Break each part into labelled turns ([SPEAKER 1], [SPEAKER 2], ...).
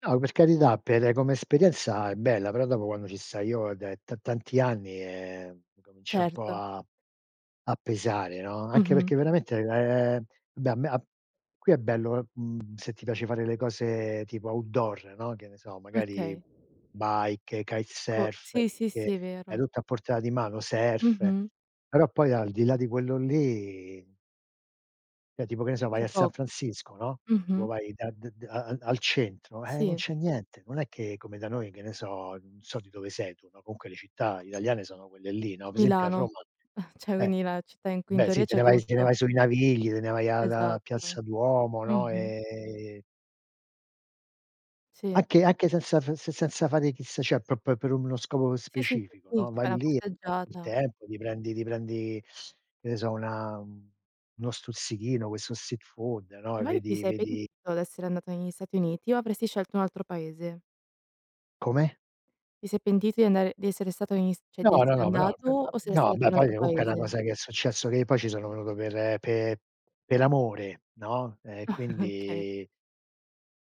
[SPEAKER 1] No, per carità, per come esperienza è bella, però dopo quando ci stai io è da t tanti anni, ehm, incomincia un po'
[SPEAKER 2] Certo.
[SPEAKER 1] a a pesare, no, anche
[SPEAKER 2] Mh-mh.
[SPEAKER 1] perché veramente, ehm, beh a me a qui è bello, uhm, mhmm, se ti piace fare le cose tipo outdoor, no, che ne so, magari
[SPEAKER 2] Okay.
[SPEAKER 1] bike,
[SPEAKER 2] Co
[SPEAKER 1] kitesurf,
[SPEAKER 2] sì, sì, sì, è
[SPEAKER 1] che hai
[SPEAKER 2] vero.
[SPEAKER 1] tutto a portata di mano, surf,
[SPEAKER 2] Mh-mh.
[SPEAKER 1] però poi al di là di quello lì Cioè tipo che ne so vai
[SPEAKER 2] C'è
[SPEAKER 1] a San
[SPEAKER 2] po
[SPEAKER 1] Francisco, no, tipo
[SPEAKER 2] mh-mh.
[SPEAKER 1] vai da d d a a al centro, eh non
[SPEAKER 2] Sì.
[SPEAKER 1] c'è niente. Non è che, come da noi che ne so, non so di dove sei tu, no, comunque le città italiane sono quelle lì, no, per esempio a
[SPEAKER 2] Milano,
[SPEAKER 1] Roma,
[SPEAKER 2] cioè
[SPEAKER 1] eh,
[SPEAKER 2] quindi la città in cui in
[SPEAKER 1] beh sì,
[SPEAKER 2] teoria
[SPEAKER 1] te
[SPEAKER 2] c'è
[SPEAKER 1] ne vai s te ne
[SPEAKER 2] tutto.
[SPEAKER 1] vai sui Navigli, te ne vai al uhm, a
[SPEAKER 2] Esatto.
[SPEAKER 1] Piazza Duomo, no,
[SPEAKER 2] Mh-mh.
[SPEAKER 1] e
[SPEAKER 2] Sì.
[SPEAKER 1] Anche anche senza f se senza fare chissà cioè proprio per uno scopo
[SPEAKER 2] Sì, sì,
[SPEAKER 1] specifico,
[SPEAKER 2] sì, sì.
[SPEAKER 1] no,
[SPEAKER 2] Ti
[SPEAKER 1] vai
[SPEAKER 2] fai una
[SPEAKER 1] lì, e passi il
[SPEAKER 2] passeggiata.
[SPEAKER 1] tempo, ti prendi ti prendi, che ne so una, mhmm, uno stuzzichino, questo street food, no, e
[SPEAKER 2] Infatti ti
[SPEAKER 1] vedi
[SPEAKER 2] sei
[SPEAKER 1] vedi
[SPEAKER 2] pentito d'essere andato negli Stati Uniti o avresti scelto un altro paese?
[SPEAKER 1] Come?
[SPEAKER 2] Ti sei pentito di andare di essere stato negli St cioè
[SPEAKER 1] No,
[SPEAKER 2] di
[SPEAKER 1] no,
[SPEAKER 2] essere
[SPEAKER 1] no, però
[SPEAKER 2] andato o saresti
[SPEAKER 1] no,
[SPEAKER 2] andato
[SPEAKER 1] beh
[SPEAKER 2] in un
[SPEAKER 1] poi
[SPEAKER 2] altro
[SPEAKER 1] comunque è una
[SPEAKER 2] paese?
[SPEAKER 1] cosa che è successo che poi ci sono venuto per pe per amore, no, ehm,
[SPEAKER 2] Okay.
[SPEAKER 1] quindi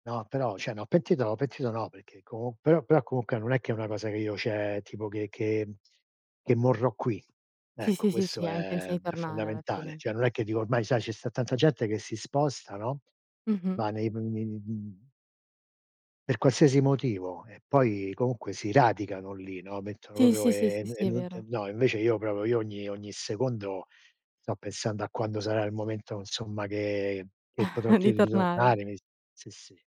[SPEAKER 1] No, però cioè no, pentito no pentito no, perché comu però però comunque non è che è una cosa che io cioè tipo che che che morrò qui.
[SPEAKER 2] Sì,
[SPEAKER 1] Ecco,
[SPEAKER 2] sì, sì,
[SPEAKER 1] questo
[SPEAKER 2] sì hai
[SPEAKER 1] è
[SPEAKER 2] intenzione di
[SPEAKER 1] è
[SPEAKER 2] tornare alla
[SPEAKER 1] fondamentale.
[SPEAKER 2] fine.
[SPEAKER 1] Cioè non è che dico ormai sai ce sta tanta gente che si sposta, no,
[SPEAKER 2] Mh-mh.
[SPEAKER 1] va nei p nei mhmm Per qualsiasi motivo. E poi, comunque si radicano lì, no, mettono
[SPEAKER 2] Sì,
[SPEAKER 1] proprio
[SPEAKER 2] sì, sì, sì,
[SPEAKER 1] ehm e n e
[SPEAKER 2] sì, è
[SPEAKER 1] non t
[SPEAKER 2] vero.
[SPEAKER 1] no, invece io proprio io ogni ogni secondo sto pensando a quando sarà il momento insomma che che potrò
[SPEAKER 2] Di
[SPEAKER 1] tir
[SPEAKER 2] tornare.
[SPEAKER 1] ritornare mi s sì, sì.